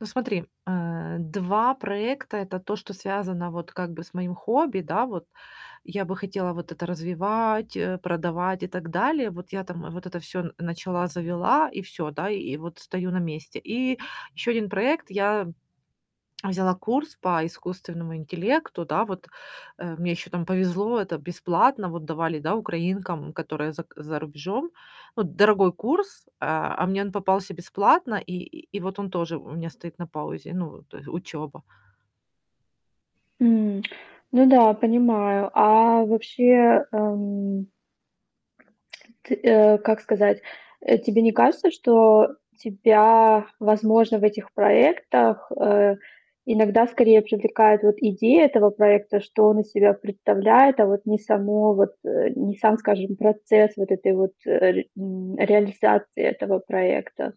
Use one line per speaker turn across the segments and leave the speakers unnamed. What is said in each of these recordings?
Ну смотри, а, 2 проекта- это то, что связано вот как бы с моим хобби, да, вот. Я бы хотела вот это развивать, э, продавать и так далее. Вот я там, а, вот это всё начала, завела и всё, да, и вот стою на месте. И ещё 1 проект, я, эм, а, взяла курс по искусственному интеллекту, да, вот, а, мне еще там повезло, это бесплатно, вот, давали, да, украинкам, которые зак за рубежом. Вот дорогой курс, а, а, мне он попался бесплатно, и и и вот он тоже у меня стоит на паузе, ну вот тое учёба.
М, ну да, понимаю. А, вообще, ам Ты, а, как сказать? Э, тебе не кажется, что тебя, возможно, в этих проектах, э, иногда скорее привлекает вот идея этого проекта, что он из себя представляет, а, вот не само вот, э, не сам, скажем, процесс вот этой вот рарит м, реализации этого проекта?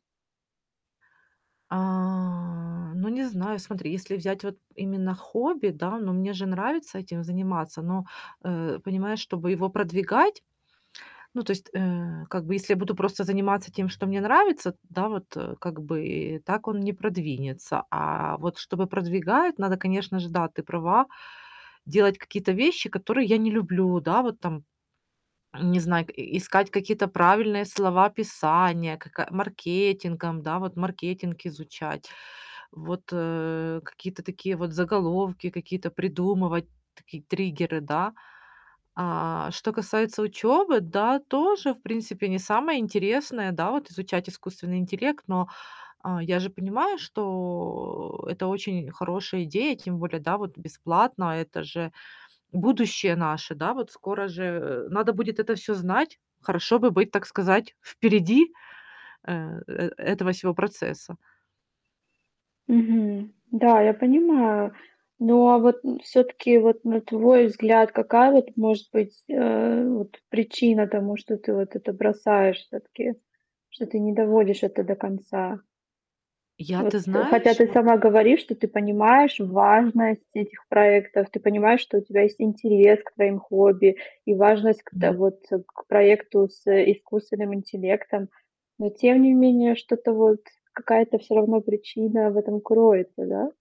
А, ну не знаю, смотри, если взять вот именно хобби, да, но мне же нравится этим заниматься, но, э, понимаешь, чтобы его продвигать, ну то есть, э, как бы, если я буду просто заниматься тем, что мне нравится т да, вот, а, как бы и так он не продвинется, а, вот чтобы продвигают, надо, конечно же, да, ты права. Делать какие-то вещи, которые я не люблю, да, вот там, не знак искать какие-то правильные слова описания, как, а, маркетингом, да, вот маркетинг изучать вот, э, какие-то такие вот заголовки какие-то придумывать, такие триггеры, да. А, что касается учёбы, да, тоже, в принципе, не самое интересное, да, вот изучать искусственный интеллект, но, а, я же понимаю, что это очень хорошая идея, тем более, да, вот бесплатно, а, это же будущее наше, да, вот скоро же, э, надо будет это всё знать. Хорошо бы быть, так сказать, впереди, а, э, этого всего процесса.
Мгм, да, я понимаю. Но вот н всё-таки, вот на твой взгляд, какая вот может быть, а, вот причина тому, что ты вот это бросаешь всё-таки? Что ты не доводишь это до конца?
Я, ты
Вот хотя
знаешь
ты
вот
сама говоришь, что ты понимаешь важность этих проектов. Ты понимаешь, что у тебя есть интерес к твоим хобби и важность к та
М.
вот проекту с, э, искусственным интеллектом. Но тем не менее что-то вот какая-то всё равно причина в этом кроется, да?